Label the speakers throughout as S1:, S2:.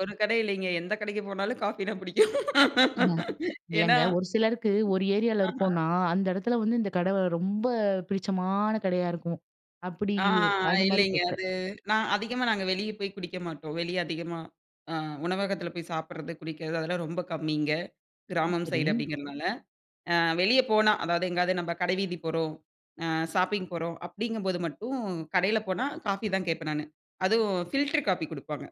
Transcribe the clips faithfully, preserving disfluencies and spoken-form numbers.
S1: ஒரு கடை இல்லைங்க. எந்த கடைக்கு போனாலும் காஃபி தான் பிடிக்கும்.
S2: இல்ல,
S1: ஏன்னா
S2: இல்லைங்க. ஒரு சிலருக்கு ஒரு ஏரியால
S1: ஆஹ.
S2: இருக்கோம்னா அந்த இடத்துல வந்து இந்த கடை ரொம்ப பிடிச்சமான கடையா இருக்கும். அப்படி
S1: ஆ
S2: அந்த மாரி
S1: இல்லைங்க.
S2: கேக்குறேன்.
S1: அது நான் அதிகமா நாங்க வெளிய போய் குடிக்க மாட்டோம். வெளிய அதிகமா உணவகத்துல போய் சாப்பிடறது ,குடிக்கிறது அதெல்லாம் ரொம்ப கம்மிங்க.
S2: ஆ,
S1: கிராமம்
S2: சரி.
S1: சைடு அப்படிங்கிறதுனால. வெளியே போனா, அதாவது எங்கேயாவது நம்ம கடை வீதி போறோம். ஷாப்பிங் போறோம், அப்படிங்கும்போது மட்டும் கடையில போனா, காஃபி தான் கேட்பேன் நானு. அதுவும் ஃபில்டர் காஃபி குடுப்பாங்க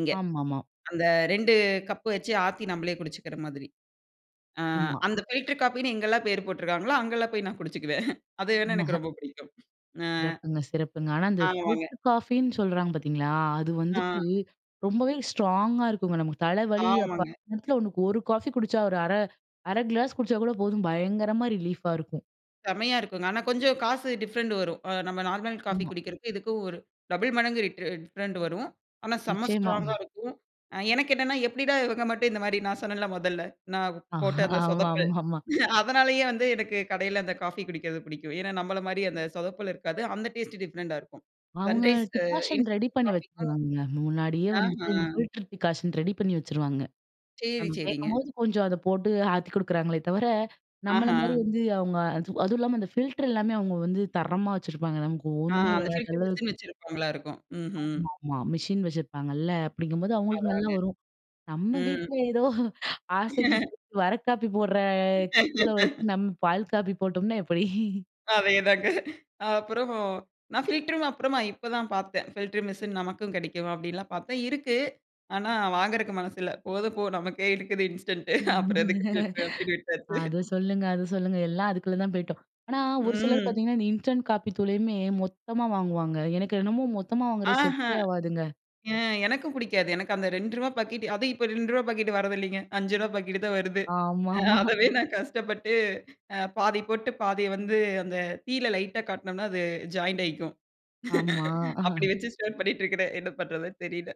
S1: இங்க.
S2: ஆமாமா.
S1: அந்த ரெண்டு கப்பு வச்சு ஆத்தி நம்மளே குடிச்சுக்கிற மாதிரி. ஆ
S2: ஆமா.
S1: அந்த பில்டர் காஃபின்னு எங்கல்லாம் பேர் போட்ருக்காங்களோ, அங்கல்லாம் போய் நான் குடிச்சிக்குவேன். அது
S2: ம்ம்ஹ.
S1: எனக்கு ரொம்ப பிடிக்கும். ஆ.
S2: சிறப்புங்க, சிறப்புங்க. ஆனா இந்த
S1: ஆமாங்க.
S2: ஃபில்டர் காஃபின்னு சொல்றாங்க பார்த்தீங்களா? அது
S1: ஆ.
S2: வந்துட்டு ரொம்பவே ஸ்ட்ராங்கா இருக்குங்க. நமக்கு தலைவலி அப்ப
S1: ஆமாங்க.
S2: நேரத்துல ஒரு காஃபி குடிச்சா ஒரு அரை அரை கிளாஸ் குடிச்சா கூட போதும் பயங்கரமா ரிலீஃப்பா இருக்கும்.
S1: செம்மையா இருக்குங்க. ஆனா கொஞ்சம் காசு டிஃப்ரெண்ட் வரும். அ நம்ம நார்மல் காஃபி
S2: ஆமா.
S1: குடிக்கிறதுக்கு இதுக்கும் ஒரு டபுள் மடங்கு ட் டிஃப்ரெண்ட் வரும். ஆனா செம்ம
S2: நிச்சயமா.
S1: ஸ்ட்ராங்கா இருக்கும். அ எனக்கு என்னென்னா எப்படிடா இவங்க மட்டும் இந்த மாரி நான் சொன்னேன்ல மொதல்ல? நான்
S2: ஆ,
S1: போட்ட அந்த சொதப்பல்.
S2: ஆமாமாமா.
S1: அதனாலேயே வந்து எனக்கு கடையில அந்த காஃபி குடிக்கிறது பிடிக்கும். ஏன்னா, நம்மள மாதிரி அந்த சொதப்பல் இருக்காது. அந்த டேஸ்ட் டிஃப்ரெண்ட்டா இருக்கும்
S2: அவங்க
S1: சன்ரைஸ்
S2: டிகாஷன் ரெடி
S1: இன்ஸ்டண்ட்
S2: பண்ணி
S1: காஃபிக்கும்
S2: வச்சுருவாங்க. முன்னாடியே வந்துட்டு, இந்த
S1: ஆஹ
S2: ஃபில்டர் டிகாஷன் ரெடி பண்ணி வச்சுருவாங்க.
S1: செரி,
S2: நம்ம
S1: செரிங்க.
S2: கேட்கும்போது கொஞ்சம் அதை போட்டு ஆத்தி குடுக்குறாங்களே தவிர, நம்மள மாரி
S1: ஆஹா.
S2: வந்து அவங்க, அதுவும் இல்லாம அந்த ஃபில்டர் எல்லாமே அவங்க வந்து தரமா வச்சுருப்பாங்க. நமக்கு
S1: ஆ
S2: ஒண்ணுமே
S1: அந்த
S2: வராத
S1: ஃபில்டர் மிஷின்
S2: அளவுக்கு.
S1: வச்சிருப்பாங்களா இருக்கும். ம்ஹ்ம்.
S2: ஆமாமா. மிஷின் வச்சிருப்பாங்கல்ல. அப்படிங்கும்போது, அவங்களுக்கு நல்லா
S1: அதான்ங்க.
S2: வரும். நம்ம
S1: ம்.
S2: வீட்ல ஏதோ ஆசைக்கு வர காப்பி போடுற தூள வச்சு நம்ம பால் காப்பி போட்டோம்னா எப்படி?
S1: அதேதாங்க. அப்புறம் நான் ஃபில்டரும் அப்புறமா இப்போதான் பார்த்தேன். ஃபில்டர் மிஷின் நமக்கும் கிடைக்கும் அப்படின்லாம் பார்த்தேன். இருக்கு. ஆனா, வாங்குறக்கு மனசு இல்ல. போதும் போ நமக்கே இருக்குது இன்ஸ்டன்ட் அப்புறம் எதுக்கு ஃபில்டரு? அப்படின்னு விட்டாச்சு.
S2: அத சொல்லுங்க, அத சொல்லுங்க. எல்லாம் அதுக்குள்ள தான் போய்ட்டோம். ஆனா ஒரு சிலர்
S1: ம்.
S2: பார்த்தீங்கன்னா இந்த இன்ஸ்டன்ட் காப்பி தூளையுமே மொத்தமா வாங்குவாங்க. எனக்கு என்னமோ மொத்தமா வாங்குறது
S1: ஆஹா.
S2: செட்டே ஆகாதுங்க.
S1: ம் எனக்கும் பிடிக்காது. எனக்கு அந்த ரெண்டு ருவா பாக்கெட் அதுவும் இப்போ ரெண்டு ருவா பாக்கெட் வரதில்லைங்க. அஞ்சு ருவா பாக்கெட்டு தான் வருது.
S2: ஆமாமா.
S1: அதவே நான் கஷ்டப்பட்டு பாதி போட்டு பாதியை வந்து அந்த தீயல லைட்டா காட்டினோம்னா அது ஜாயின்ட் ஆயிக்கும்.
S2: ஆமா.
S1: அப்படி வச்சு ஷேர் பண்ணிட்டு இருக்கிறேன். என்ன பண்றதுன்னு தெரியல.